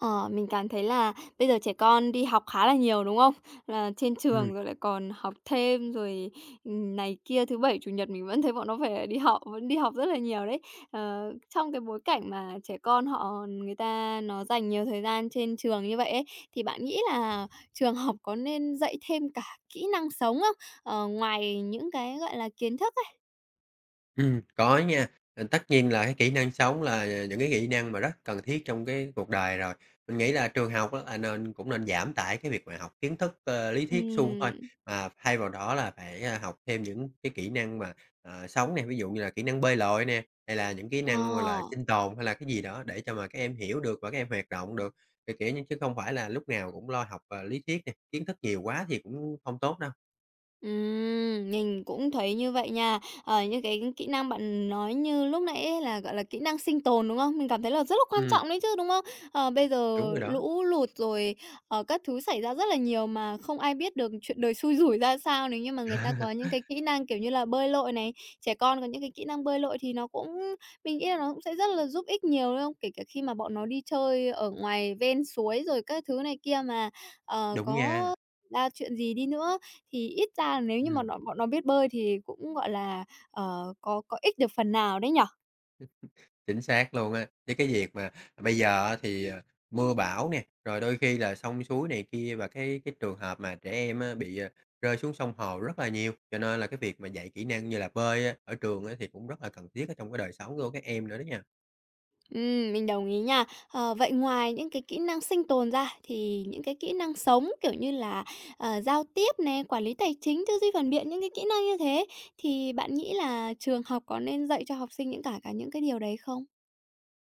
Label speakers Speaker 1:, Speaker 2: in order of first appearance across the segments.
Speaker 1: Ờ, mình cảm thấy là bây giờ trẻ con đi học khá là nhiều, đúng không? Là trên
Speaker 2: Ừm.
Speaker 1: trường rồi lại còn học thêm rồi, ừm, này kia, thứ Bảy, Chủ nhật mình vẫn thấy bọn nó phải đi học, vẫn đi học rất là nhiều đấy. Ờ, trong cái bối cảnh mà trẻ con họ người ta nó dành nhiều thời gian trên trường như vậy ấy, thì bạn nghĩ là trường học có nên dạy thêm cả kỹ năng sống không? Ờ, ngoài những cái, gọi là, kiến thức ấy.
Speaker 2: Ừm, có nha. Ờ, tất nhiên là cái kỹ năng sống là những cái kỹ năng mà rất cần thiết trong cái cuộc đời rồi. Mình nghĩ là trường học á, là nên cũng nên giảm tải cái việc mà học kiến thức, à, lý thuyết suông thôi.
Speaker 1: Ừm.
Speaker 2: Mà thay vào đó là phải, ơ, học thêm những cái kỹ năng mà, à, sống nè, ví dụ như là kỹ năng bơi lội nè, hay là những kỹ
Speaker 1: Ờ.
Speaker 2: năng, gọi là, sinh tồn hay là cái gì đó để cho mà các em hiểu được và các em hoạt động được. Ờ, kiểu như chứ không phải là lúc nào cũng lo học, à, lý thuyết nè, kiến thức nhiều quá thì cũng hông tốt đâu.
Speaker 1: Ừm, mình cũng thấy như vậy nha. Ờ, những cái kỹ năng bạn nói như lúc nãy ấy, là, gọi là, kỹ năng sinh tồn, đúng không? Mình cảm thấy là rất là quan
Speaker 2: Ừm.
Speaker 1: trọng đấy chứ, đúng không? Ờ, bây
Speaker 2: Đúng
Speaker 1: giờ
Speaker 2: rồi đó.
Speaker 1: lũ lụt rồi, ờ, các thứ xảy ra rất là nhiều mà không ai biết được chuyện đời xui rủi ra sao. Nếu như mà người ta có những cái kỹ năng, kiểu như là, bơi lội này, trẻ con có những cái kỹ năng bơi lội thì nó cũng mình nghĩ là nó cũng sẽ rất là giúp ích nhiều, đúng không? Kể cả khi mà bọn nó đi chơi ở ngoài ven suối rồi các thứ này kia mà, ờ,
Speaker 2: Đúng nha.
Speaker 1: có ra chuyện gì đi nữa thì ít ra nếu như mà
Speaker 2: Ừm.
Speaker 1: nó bọn nó biết bơi thì cũng, gọi là, ờ, có có ích được phần nào đấy nhỉ?
Speaker 2: Chính xác luôn á. Với cái việc mà bây giờ á, thì, ờ, mưa bão nè, rồi đôi khi là sông suối này kia và cái cái trường hợp mà trẻ em á, bị, ờ, rơi xuống sông hồ rất là nhiều. Cho nên là cái việc mà dạy kỹ năng như là bơi á, ở trường á, thì cũng rất là cần thiết ở trong cái đời sống của các em nữa đó nha.
Speaker 1: Ừm, mình đồng ý nha. Ờ, vậy ngoài những cái kỹ năng sinh tồn ra thì những cái kỹ năng sống, kiểu như là, ờ, giao tiếp nè, quản lý tài chính, tư duy phản biện, những cái kỹ năng như thế thì bạn nghĩ là trường học có nên dạy cho học sinh những cả cả những cái điều đấy không?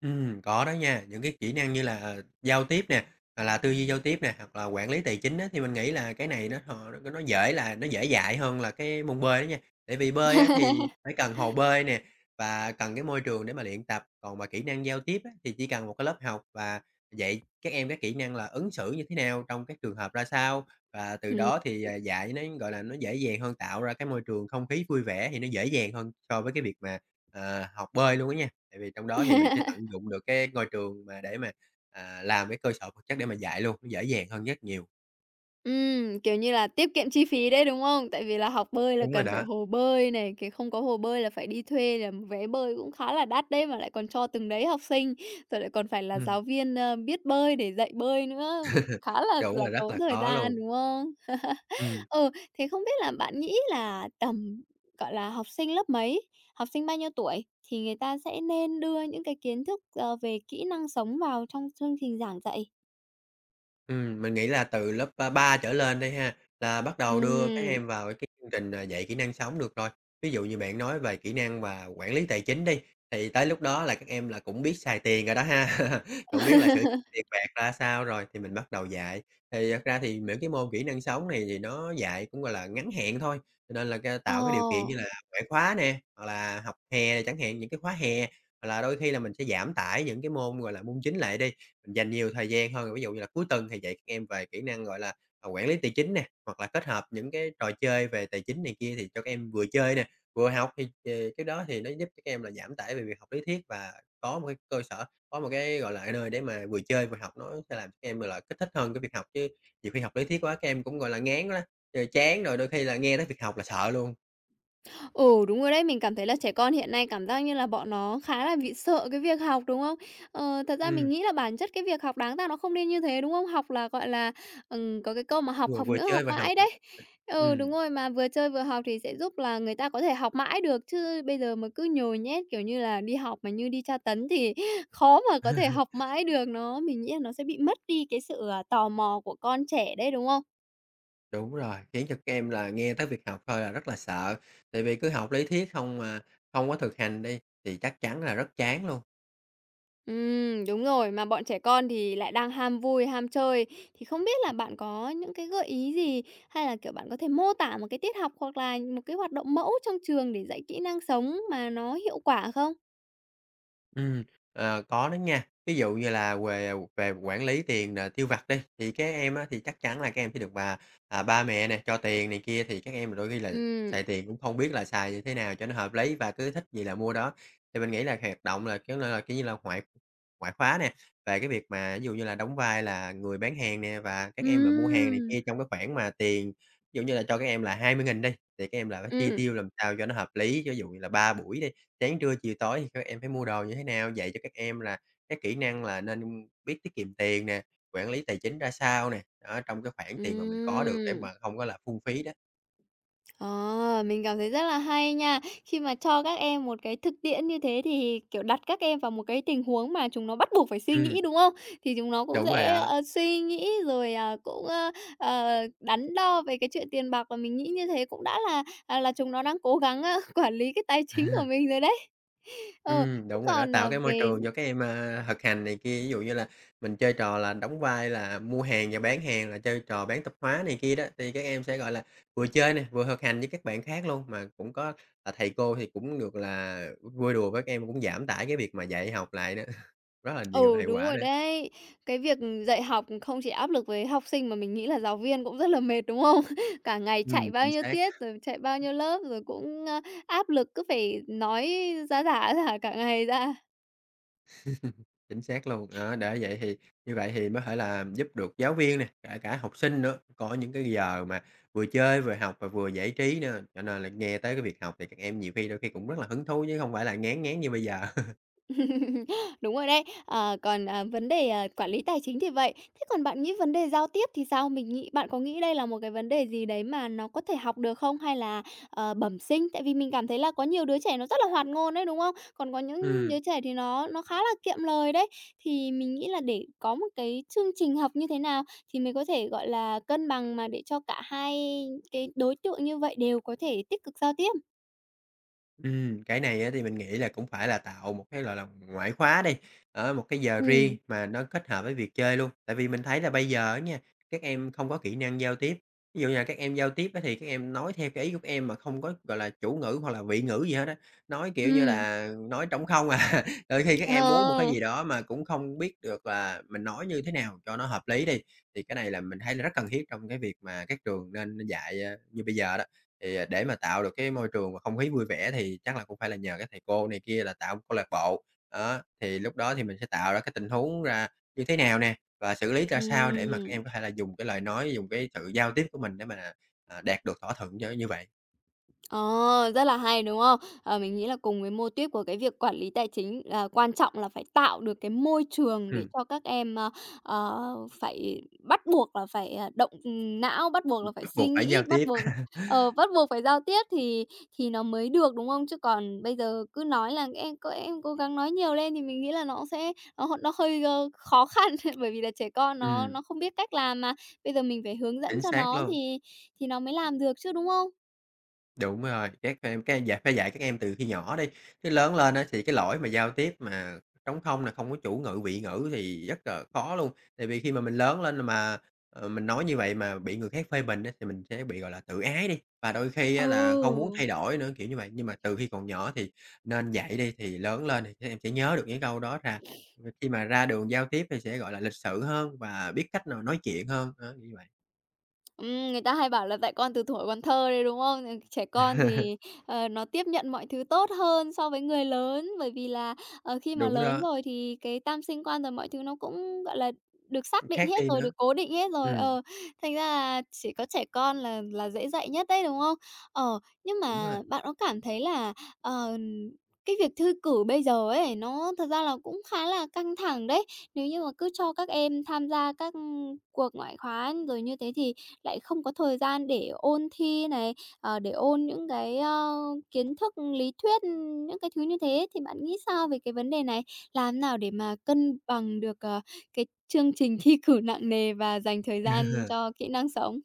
Speaker 2: Ừm, có đó nha. Những cái kỹ năng như là giao tiếp nè, hoặc là tư duy giao tiếp nè, hoặc là quản lý tài chính á, thì mình nghĩ là cái này nó hò nó nó dễ là nó dễ dạy hơn là cái môn bơi á nha. Tại vì bơi á, thì phải cần hồ bơi nè và cần cái môi trường để mà luyện tập. Còn mà kỹ năng giao tiếp á, thì chỉ cần một cái lớp học và dạy các em các kỹ năng là ứng xử như thế nào trong các trường hợp ra sao. Và từ
Speaker 1: Ừm.
Speaker 2: đó thì,
Speaker 1: [unintelligible]
Speaker 2: ờ, dạy nó, gọi là, nó dễ dàng hơn, tạo ra cái môi trường không khí vui vẻ thì nó dễ dàng hơn so với cái việc mà, à, học bơi luôn á nha. Tại vì trong đó thì mình sẽ tận dụng được cái ngôi trường mà để mà, à, làm cái cơ sở vật chất để mà dạy luôn, nó dễ dàng hơn rất nhiều.
Speaker 1: Ừm, kiểu như là tiết kiệm chi phí đấy, đúng không? Tại vì là học bơi là
Speaker 2: Đúng rồi
Speaker 1: cần phải
Speaker 2: đó.
Speaker 1: hồ bơi này, kiểu, không có hồ bơi là phải đi thuê, là vé bơi cũng khá là đắt đấy, mà lại còn cho từng đấy học sinh. Rồi lại còn phải là
Speaker 2: Ừm.
Speaker 1: giáo viên, ờ, biết bơi để dạy bơi nữa, cũng khá là
Speaker 2: Đúng
Speaker 1: là
Speaker 2: rồi, rất
Speaker 1: tốn
Speaker 2: là
Speaker 1: thời
Speaker 2: khó
Speaker 1: gian,
Speaker 2: luôn.
Speaker 1: đúng không?
Speaker 2: Ừm.
Speaker 1: Ừ, thế không biết là bạn nghĩ là, tầm, gọi là, học sinh lớp mấy, học sinh bao nhiêu tuổi, thì người ta sẽ nên đưa những cái kiến thức, ờ, về kỹ năng sống vào trong chương trình giảng dạy?
Speaker 2: Ừm, mình nghĩ là từ lớp, ơ, 3 trở lên đi ha. Là bắt đầu đưa các
Speaker 1: Ừm.
Speaker 2: em vào cái chương trình dạy kỹ năng sống được rồi. Ví dụ như bạn nói về kỹ năng mà quản lý tài chính đi, thì tới lúc đó là các em là cũng biết xài tiền rồi đó ha. Cũng biết là sử dụng tiền bạc ra sao rồi, thì mình bắt đầu dạy. Thì thật ra thì những cái môn kỹ năng sống này thì nó dạy cũng, gọi là, ngắn hạn thôi. Cho nên là, ơ, tạo cái điều kiện như
Speaker 1: Ồ!
Speaker 2: là ngoại khóa nè, hoặc là học hè chẳng hạn, những cái khóa hè. Hoặc là đôi khi là mình sẽ giảm tải những cái môn, gọi là, môn chính lại đi, mình dành nhiều thời gian hơn. Ví dụ như là cuối tuần thì dạy các em về kỹ năng, gọi là, à, quản lý tài chính nè, hoặc là kết hợp những cái trò chơi về tài chính này kia thì cho các em vừa chơi nè, vừa học. Thì, ờ, thì cái đó thì nó giúp cho các em là giảm tải về việc học lý thuyết, và có một cái cơ sở, có một cái, gọi là, cái nơi để mà vừa chơi, vừa học, nó sẽ làm các em, gọi là, kích thích hơn cái việc học. Chứ nhiều khi học lý thuyết quá các em cũng, gọi là, ngán quá á, rồi chán rồi đôi khi là nghe tới việc học là sợ luôn.
Speaker 1: Ừ, đúng rồi đấy. Mình cảm thấy là trẻ con hiện nay cảm giác như là bọn nó khá là bị sợ cái việc học, đúng không? Ờ, thật ra mình
Speaker 2: Ừm.
Speaker 1: nghĩ là bản chất cái việc học đáng ra nó không nên như thế, đúng không? Học là, gọi là, ừm, có cái câu mà: "Học,
Speaker 2: Vừa
Speaker 1: học
Speaker 2: vừa
Speaker 1: nữa, học
Speaker 2: chơi vừa học.
Speaker 1: mãi" đấy. Ừ, đúng
Speaker 2: Ừm.
Speaker 1: rồi, mà vừa chơi vừa học thì sẽ giúp là người ta có thể học mãi được. Chứ bây giờ mà cứ nhồi nhét, kiểu như là, đi học mà như đi tra tấn thì khó mà có thể học mãi được, nó mình nghĩ là nó sẽ bị mất đi cái sự, à, tò mò của con trẻ đấy, đúng không?
Speaker 2: Đúng rồi, khiến cho các em là nghe tới việc học thôi là rất là sợ. Tại vì cứ học lý thuyết không à, không có thực hành đi thì chắc chắn là rất chán luôn.
Speaker 1: Ừm, đúng rồi, mà bọn trẻ con thì lại đang ham vui, ham chơi. Thì không biết là bạn có những cái gợi ý gì, hay là, kiểu, bạn có thể mô tả một cái tiết học hoặc là một cái hoạt động mẫu trong trường để dạy kỹ năng sống mà nó hiệu quả không?
Speaker 2: Ừm, ờ, có đó nha. Ví dụ như là về, à, về quản lý tiền, ờ, tiêu vặt đi. Thì các em á, thì chắc chắn là các em sẽ được mà, à, ba mẹ nè, cho tiền này kia, thì các em là đôi khi là
Speaker 1: Ừm.
Speaker 2: xài tiền cũng không biết là xài như thế nào cho nó hợp lý và cứ thích gì là mua đó. Thì mình nghĩ là hoạt động là, kiểu là, kiểu như là, ngoại ngoại khóa nè, về cái việc mà, ví dụ như là, đóng vai là người bán hàng nè, và các em mà mua hàng này
Speaker 1: Ừm!
Speaker 2: kia trong cái khoản mà tiền, ví dụ như là cho các em là 20.000 đi, thì các em là phải chi
Speaker 1: Ừm.
Speaker 2: tiêu làm sao cho nó hợp lý. Ví dụ như là 3 buổi đi, sáng, trưa, chiều, tối thì các em phải mua đồ như thế nào? Dạy cho các em là các kỹ năng là nên biết tiết kiệm tiền nè, quản lý tài chính ra sao nè, á, trong cái khoản tiền mà mình có được để
Speaker 1: Ừm!
Speaker 2: mà không có là phung phí đó.
Speaker 1: Ờ, mình cảm thấy rất là hay nha. Khi mà cho các em một cái thực tiễn như thế thì, kiểu, đặt các em vào một cái tình huống mà chúng nó bắt buộc phải suy
Speaker 2: Ừm.
Speaker 1: nghĩ, đúng không? Thì chúng nó cũng
Speaker 2: Đúng rồi
Speaker 1: sẽ,
Speaker 2: đó.
Speaker 1: ờ, suy nghĩ rồi, à, cũng, ơ, ờ, đắn đo về cái chuyện tiền bạc, mà mình nghĩ như thế cũng đã là, ờ, là chúng nó đang cố gắng, ơ, quản lý cái tài chính của mình rồi đấy. Ờ,
Speaker 2: Ừm,
Speaker 1: thế
Speaker 2: đúng rồi đó.
Speaker 1: còn,
Speaker 2: Tạo
Speaker 1: ờ,
Speaker 2: cái môi
Speaker 1: về d
Speaker 2: trường cho các em, ơ, thực hành này kia, ví dụ như là mình chơi trò là đóng vai là mua hàng và bán hàng, là chơi trò bán tạp hóa này kia đó, thì các em sẽ, gọi là, vừa chơi nè, vừa thực hành với các bạn khác luôn. Mà cũng có, ờ, thầy cô thì cũng được, là, vui đùa với các em, cũng giảm tải cái việc mà dạy học lại nữa, rất là nhiều
Speaker 1: Ừ,
Speaker 2: hiệu
Speaker 1: đúng
Speaker 2: quả
Speaker 1: rồi
Speaker 2: nữa.
Speaker 1: đấy. Cái việc, ừ, dạy học không chỉ áp lực với học sinh mà mình nghĩ là giáo viên cũng rất là mệt, đúng không? Cả ngày chạy
Speaker 2: Ừm,
Speaker 1: bao
Speaker 2: chính
Speaker 1: nhiêu
Speaker 2: xác.
Speaker 1: tiết, rồi chạy bao nhiêu lớp rồi cũng, ơ, áp lực cứ phải nói ra rả, ra rả cả ngày ra.
Speaker 2: Chính xác luôn đó. Ơ, đã vậy thì như vậy thì có thể là giúp được giáo viên này, kể cả học sinh nữa, có những cái giờ mà vừa chơi vừa học và vừa giải trí nữa. Cho nên là nghe tới cái việc học thì các em nhiều khi, đôi khi cũng rất là hứng thú, chứ hông phải là ngán ngán như bây giờ.
Speaker 1: Đúng rồi đấy. Ờ, còn, ờ, vấn đề quản lý tài chính thì vậy. Thế còn bạn nghĩ vấn đề giao tiếp thì sao? Mình nghĩ bạn có nghĩ đây là một cái vấn đề gì đấy mà nó có thể học được không, hay là, ờ, bẩm sinh? Tại vì mình cảm thấy là có nhiều đứa trẻ nó rất là hoạt ngôn đấy, đúng không? Còn có những
Speaker 2: Ừm.
Speaker 1: đứa trẻ thì nó nó khá là kiệm lời đấy. Thì mình nghĩ là để có một cái chương trình học như thế nào thì mới có thể, gọi là, cân bằng mà để cho cả hai cái đối tượng như vậy đều có thể tích cực giao tiếp.
Speaker 2: Ừm, cái này á thì mình nghĩ là cũng phải là tạo một cái, gọi là, ngoại khóa đi, á, một cái giờ riêng
Speaker 1: Ừm.
Speaker 2: mà nó kết hợp với việc chơi luôn. Tại vì mình thấy là bây giờ á nha, các em không có kỹ năng giao tiếp, ví dụ như là các em giao tiếp á thì các em nói theo cái ý các em mà không có, gọi là, chủ ngữ hoặc là vị ngữ gì hết á, nói kiểu như
Speaker 1: Ừm.
Speaker 2: là nói trống không à. Đôi khi các em muốn một cái
Speaker 1: Ờ.
Speaker 2: gì đó mà cũng không biết được là mình nói như thế nào cho nó hợp lý đi, thì cái này là mình thấy là rất cần thiết trong cái việc mà các trường nên nên dạy, a, như bây giờ đó. Thì, à, để mà tạo được cái môi trường và không khí vui vẻ thì chắc là cũng phải là nhờ các thầy cô này kia là tạo câu lạc bộ đó, á, thì lúc đó thì mình sẽ tạo ra cái tình huống ra như thế nào nè và xử lý ra sao để mà các
Speaker 1: Ừm.
Speaker 2: em có thể là dùng cái lời nói, dùng cái sự giao tiếp của mình để mà, à, đạt được thỏa thuận cho nó như vậy.
Speaker 1: Ờ, rất là hay, đúng không? Ờ, mình nghĩ là cùng với mô tuýp của cái việc quản lý tài chính là quan trọng là phải tạo được cái môi trường để
Speaker 2: Ừm.
Speaker 1: cho các em, a, à, phải bắt buộc là phải, à, động, ừm, não, bắt buộc
Speaker 2: Ừm,
Speaker 1: là phải
Speaker 2: bắt
Speaker 1: suy
Speaker 2: buộc phải giao
Speaker 1: nghĩ, bắt
Speaker 2: tiếp.
Speaker 1: buộc ờ, bắt buộc phải giao tiếp thì thì nó mới được, đúng không? Chứ còn bây giờ cứ nói là "Em các em cố gắng nói nhiều lên." Thì mình nghĩ là nó sẽ nó h nó hơi, ơ, khó khăn, bởi vì là trẻ con nó
Speaker 2: Ừm.
Speaker 1: nó không biết cách làm mà, bây giờ mình phải hướng dẫn
Speaker 2: Chính
Speaker 1: cho
Speaker 2: xác
Speaker 1: nó
Speaker 2: luôn.
Speaker 1: thì thì nó mới làm được chứ, đúng không?
Speaker 2: Đúng rồi, các em các em dạy phải dạy các em từ khi nhỏ đi, chứ lớn lên á, thì cái lỗi mà giao tiếp mà trống không này, không có chủ ngữ, vị ngữ thì rất là khó luôn. Tại vì khi mà mình lớn lên mà, ừ, mình nói như vậy mà bị người khác phê bình á, thì mình sẽ bị, gọi là, tự ái đi, và đôi khi á, là không muốn
Speaker 1: Ừ!
Speaker 2: thay đổi nữa, kiểu như vậy. Nhưng mà từ khi còn nhỏ thì nên dạy đi, thì lớn lên thì các em sẽ nhớ được những câu đó ra, khi mà ra đường giao tiếp thì sẽ, gọi là, lịch sự hơn và biết cách nào nói chuyện hơn, á, kiểu như vậy.
Speaker 1: Ừm, người ta hay bảo là "Dạy con từ thuở còn thơ" đấy, đúng không? Trẻ con thì, ờ, nó tiếp nhận mọi thứ tốt hơn so với người lớn. Bởi vì là, ờ, khi mà
Speaker 2: Đúng
Speaker 1: lớn
Speaker 2: đó.
Speaker 1: rồi thì cái tam sinh quan rồi mọi thứ nó cũng, gọi là, được xác định
Speaker 2: Khác
Speaker 1: hết
Speaker 2: đi
Speaker 1: rồi,
Speaker 2: nữa.
Speaker 1: được cố định hết rồi
Speaker 2: Ừm.
Speaker 1: ờ, thành ra là chỉ có trẻ con là là dễ dạy nhất đấy, đúng không? Ờ, nhưng
Speaker 2: Đúng rồi.
Speaker 1: mà bạn có cảm thấy là, ờ, cái việc thư cử bây giờ ấy, nó thật ra là cũng khá là căng thẳng đấy. Nếu như mà cứ cho các em tham gia các cuộc ngoại khóa rồi như thế thì lại không có thời gian để ôn thi này, ờ, để ôn những cái, ơ, kiến thức lý thuyết, những cái thứ như thế, thì bạn nghĩ sao về cái vấn đề này? Làm thế nào để mà cân bằng được, ờ, cái chương trình thi cử nặng nề và dành thời gian cho kỹ năng sống?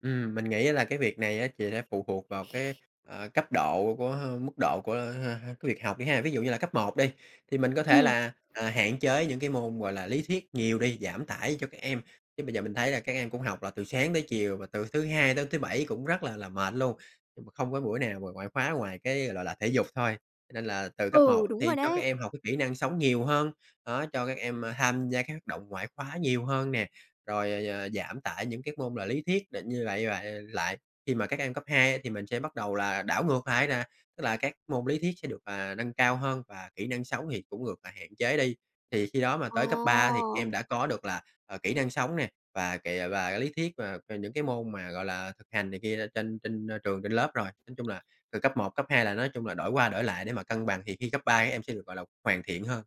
Speaker 2: Ừm, mình nghĩ là cái việc này á thì sẽ phụ thuộc vào cái, à, cấp độ của h mức độ của, a, h h của việc học đi ha. Ví dụ như là cấp 1 đi, thì mình có thể
Speaker 1: Ừm.
Speaker 2: là, à, hạn chế những cái môn, gọi là, lý thuyết nhiều đi, giảm tải cho các em, chứ bây giờ mình thấy là các em cũng học là từ sáng tới chiều và từ thứ Hai đến thứ Bảy cũng rất là là mệt luôn. Nhưng mà không có buổi nào mà ngoại khóa ngoài cái, gọi là là, thể dục thôi. Cho nên là từ cấp
Speaker 1: Ừ,
Speaker 2: 1
Speaker 1: đúng
Speaker 2: thì
Speaker 1: rồi
Speaker 2: cho các
Speaker 1: đấy.
Speaker 2: em học cái kỹ năng sống nhiều hơn, đó, cho các em tham gia các hoạt động ngoại khóa nhiều hơn nè, rồi, ờ, ờ, giảm tải những cái môn là lý thuyết định như vậy như vậy lại. Khi mà các em cấp 2 thì mình sẽ bắt đầu là đảo ngược lại nè, tức là các môn lý thuyết sẽ được, à, nâng cao hơn và kỹ năng sống thì cũng ngược, à, hạn chế đi. Thì khi đó mà tới cấp 3 thì em
Speaker 1: Ồ.
Speaker 2: đã có được là, à, kỹ năng sống nè, và kìa và cái lý thuyết mà về những cái môn mà, gọi là, thực hành này kia trên trên trường trên lớp rồi. Nói chung là, từ cấp 1, cấp 2 là nói chung là đổi qua đổi lại để mà cân bằng, thì khi cấp 3 các em sẽ được, gọi là, hoàn thiện hơn.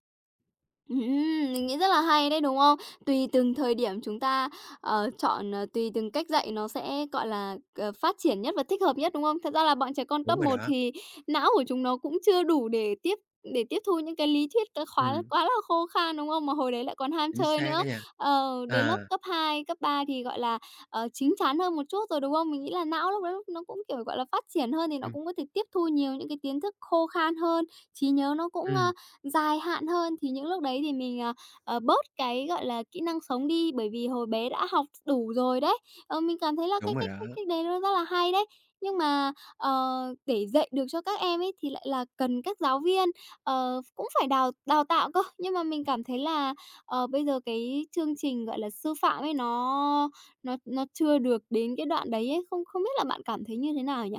Speaker 1: Ừm hưm, mình nghĩ rất là hay đấy, đúng không? Tùy từng thời điểm chúng ta, ờ, chọn, ờ, tùy từng cách dạy nó sẽ, gọi là, ờ, phát triển nhất và thích hợp nhất, đúng không? Thật ra là bọn trẻ con
Speaker 2: Đúng
Speaker 1: cấp
Speaker 2: rồi
Speaker 1: 1
Speaker 2: đó.
Speaker 1: thì não của chúng nó cũng chưa đủ để tiếp để tiếp thu những cái lý thuyết cái khóa
Speaker 2: Ừm.
Speaker 1: quá là khô khan, đúng không? Mà hồi đấy lại còn ham
Speaker 2: Chính
Speaker 1: chơi
Speaker 2: xác
Speaker 1: nữa.
Speaker 2: á nha,
Speaker 1: Ờ, đến lớp
Speaker 2: ờ.
Speaker 1: cấp 2, cấp 3 thì, gọi là, ờ, chín chắn hơn một chút rồi, đúng không? Mình nghĩ là não lúc đấy nó nó cũng, kiểu, gọi là, phát triển hơn thì nó
Speaker 2: Ừm.
Speaker 1: cũng có thể tiếp thu nhiều những cái kiến thức khô khan hơn, trí nhớ nó cũng, a,
Speaker 2: Ừm.
Speaker 1: dài hạn hơn, thì những lúc đấy thì mình, à, à, bớt cái, gọi là, kỹ năng sống đi, bởi vì hồi bé đã học đủ rồi đấy. Ờ, mình cảm thấy là cái
Speaker 2: Đúng rồi
Speaker 1: cách
Speaker 2: đó.
Speaker 1: cách cách đấy nó rất là hay đấy. Nhưng mà, ờ, để dạy được cho các em ấy, thì lại là cần các giáo viên, ờ, cũng phải đào đào tạo cơ. Nhưng mà mình cảm thấy là, ờ, bây giờ cái chương trình, gọi là, sư phạm ấy nó nó nó chưa được đến cái đoạn đấy ấy, không không biết là bạn cảm thấy như thế nào nhỉ?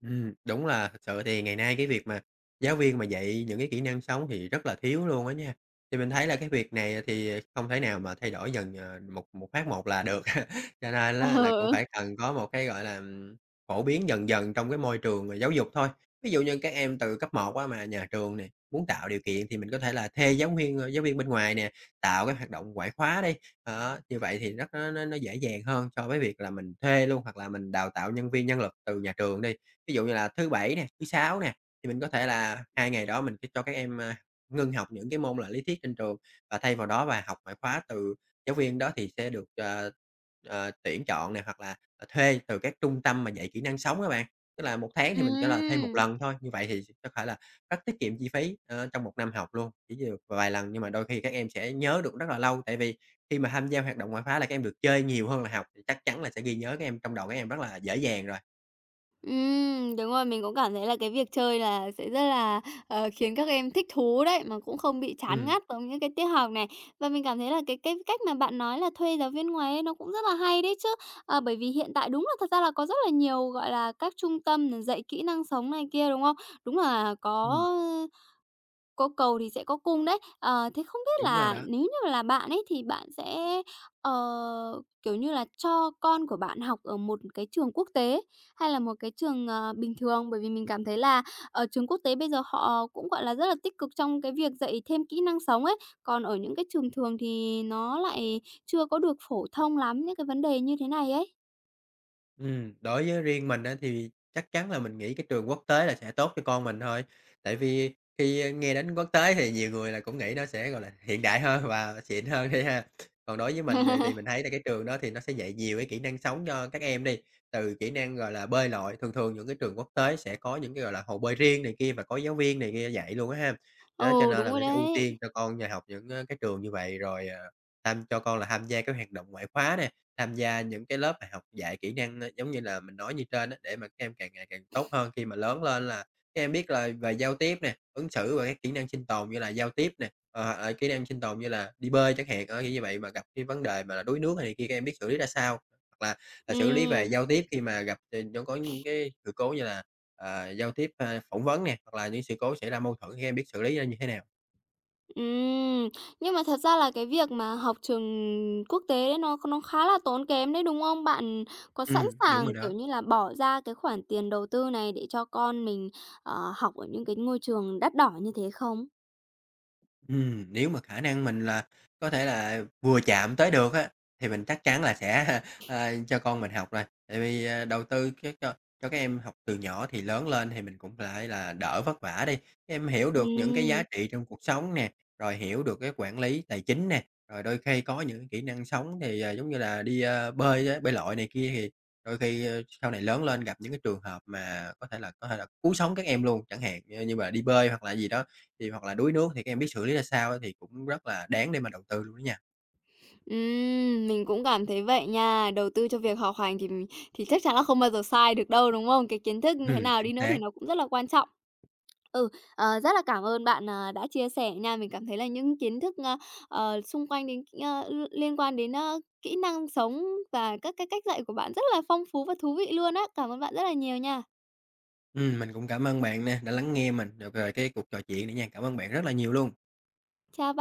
Speaker 2: Ừm, đúng là thực sự thì ngày nay cái việc mà giáo viên mà dạy những cái kỹ năng sống thì rất là thiếu luôn á nha. Thì mình thấy là cái việc này, à, thì không thể nào mà thay đổi dần, ờ, một một phát một là được, cho nên
Speaker 1: Ờ,
Speaker 2: lá là cũng phải
Speaker 1: ờ.
Speaker 2: cần có một cái, gọi là, ừm, phổ biến dần dần trong cái môi trường về giáo dục thôi. Ví dụ như các em từ cấp 1 á mà nhà trường nè muốn tạo điều kiện thì mình có thể là thê giáng viên, ơ, giáo viên bên ngoài nè, tạo các hoạt động ngoại khóa đi. Đó, như vậy thì rất nó nó nó dễ dàng hơn so với việc là mình thuê luôn hoặc là mình đào tạo nhân viên, nhân lực từ nhà trường đi. Ví dụ như là thứ Bảy nè, thứ Sáu nè, thì mình có thể là 2 ngày đó mình sẽ cho các em, a, ngưng học những cái môn là lý thuyết trên trường và thay vào đó và học ngoại khóa từ giáo viên đó thì sẽ được, ờ, ờ, tuyển chọn nè hoặc là, à, thuê từ các trung tâm mà dạy kỹ năng sống á bạn. Tức là 1 tháng thì mình cho là thuê 1
Speaker 1: Ừm.
Speaker 2: lần thôi, như vậy thì có phải là rất tiết kiệm chi phí, ơ, trong 1 năm học luôn, kiểu như, được vài lần nhưng mà đôi khi các em sẽ nhớ được rất là lâu, tại vì khi mà tham gia hoạt động ngoại khoá là các em được chơi nhiều hơn là học thì chắc chắn là sẽ ghi nhớ các em trong đầu các em rất là dễ dàng rồi.
Speaker 1: Ừm, đúng rồi, mình cũng cảm thấy là cái việc chơi là sẽ rất là, ờ, khiến các em thích thú đấy mà cũng không bị chán
Speaker 2: Ừm.
Speaker 1: ngắt giống những cái tiết học này. Và mình cảm thấy là cái cái cách mà bạn nói là thuê giáo viên ngoài ấy, nó cũng rất là hay đấy chứ. Ờ, bởi vì hiện tại đúng là thật ra là có rất là nhiều, gọi là, các trung tâm mừng dạy kỹ năng sống này kia, đúng không? Đúng là có,
Speaker 2: Ừm.
Speaker 1: ơ, có cầu thì sẽ có cung đấy. Ờ, thế không biết
Speaker 2: Đúng rồi
Speaker 1: là
Speaker 2: đó.
Speaker 1: nếu như là bạn ấy thì bạn sẽ, ờ, kiểu như là, cho con của bạn học ở một cái trường quốc tế hay là một cái trường, ờ, bình thường? Bởi vì mình cảm thấy là, ờ, trường quốc tế bây giờ họ cũng, gọi là, rất là tích cực trong cái việc dạy thêm kỹ năng sống ấy, còn ở những cái trường thường thì nó lại chưa có được phổ thông lắm những cái vấn đề như thế này ấy.
Speaker 2: Ừm, đối với riêng mình á thì chắc chắn là mình nghĩ cái trường quốc tế là sẽ tốt cho con mình thôi, tại vì khi nghe đến quốc tế thì nhiều người là cũng nghĩ nó sẽ, gọi là, hiện đại hơn hoặc là xịn hơn đi ha. Còn đối với mình thì mình thấy là cái trường đó thì nó sẽ dạy nhiều cái kỹ năng sống cho các em đi, từ kỹ năng, gọi là, bơi lội, thường thường những cái trường quốc tế sẽ có những cái, gọi là, hồ bơi riêng này kia và có giáo viên này kia dạy luôn á ha. Đó, cho
Speaker 1: Ừ,
Speaker 2: nên
Speaker 1: đúng
Speaker 2: là
Speaker 1: rồi
Speaker 2: mình sẽ ưu tiên
Speaker 1: đấy.
Speaker 2: cho con nhà học những, ơ, cái trường như vậy rồi, ờ, tham cho con là tham gia các hoạt động ngoại khóa nè, tham gia những cái lớp học dạy kỹ năng, a, giống như là mình nói như trên á, để mà các em càng ngày càng tốt hơn. Khi mà lớn lên là các em biết là về giao tiếp nè, ứng xử rồi các kỹ năng sinh tồn như là giao tiếp nè, hoặc là kỹ năng sinh tồn như là đi bơi chẳng hạn, ờ, kiểu như vậy mà gặp cái vấn đề mà là đuối nước hay này kia các em biết xử lý ra sao, hoặc là, ờ, xử lý về
Speaker 1: Ừm.
Speaker 2: giao tiếp khi mà gặp tình huống có những cái sự cố như là, ờ, giao tiếp, ơ, phỏng vấn nè hoặc là những sự cố xảy ra mâu thuẫn khi em biết xử lý nó như thế nào.
Speaker 1: Ừm. Nhưng mà thật ra là cái việc mà học trường quốc tế nó nó khá là tốn kém đấy, đúng không? Bạn có sẵn
Speaker 2: Ừm, đúng rồi
Speaker 1: sàng, kiểu
Speaker 2: đó.
Speaker 1: như là, bỏ ra cái khoản tiền đầu tư này để cho con mình, ờ, học ở những cái ngôi trường đắt đỏ như thế không?
Speaker 2: Ừm, nếu mà khả năng mình là có thể là vừa chạm tới được á thì mình chắc chắn là sẽ, a, cho con mình học rồi, tại vì đầu tư các cho cho các em học từ nhỏ thì lớn lên thì mình cũng phải là đỡ vất vả đi, các em hiểu được những cái giá
Speaker 1: Ừm.
Speaker 2: trị trong cuộc sống nè, rồi hiểu được cái quản lý tài chính nè, rồi đôi khi có những cái kỹ năng sống thì, à, giống như là đi, a, bơi á bơi lội này kia thì đôi khi sau này lớn lên gặp những cái trường hợp mà có thể là có thể là cứu sống các em luôn, chẳng hạn như mà đi bơi hoặc là gì đó thì hoặc là đuối nước thì các em biết xử lý ra sao thì cũng rất là đáng để mà đầu tư luôn đó nha.
Speaker 1: Ừm, mình cũng cảm thấy vậy nha. Đầu tư cho việc học hành thì thì chắc chắn là không bao giờ sai được đâu, đúng không? Cái kiến thức như thế
Speaker 2: Ừm,
Speaker 1: nào
Speaker 2: chính
Speaker 1: đi nữa thì
Speaker 2: xác.
Speaker 1: nó cũng rất là quan trọng. Ừ, ờ, rất là cảm ơn bạn, ờ, đã chia sẻ nha, mình cảm thấy là những kiến thức, ơ, ờ, xung quanh đến cái, ơ, ưm, liên quan đến, ơ, kỹ năng sống và các cái cách dạy của bạn rất là phong phú và thú vị luôn á. Cảm ơn bạn rất là nhiều nha.
Speaker 2: Ừm, mình cũng cảm ơn bạn nè, đã lắng nghe mình, ờ, về cái cuộc trò chuyện này nha. Cảm ơn bạn rất là nhiều luôn.
Speaker 1: Chào b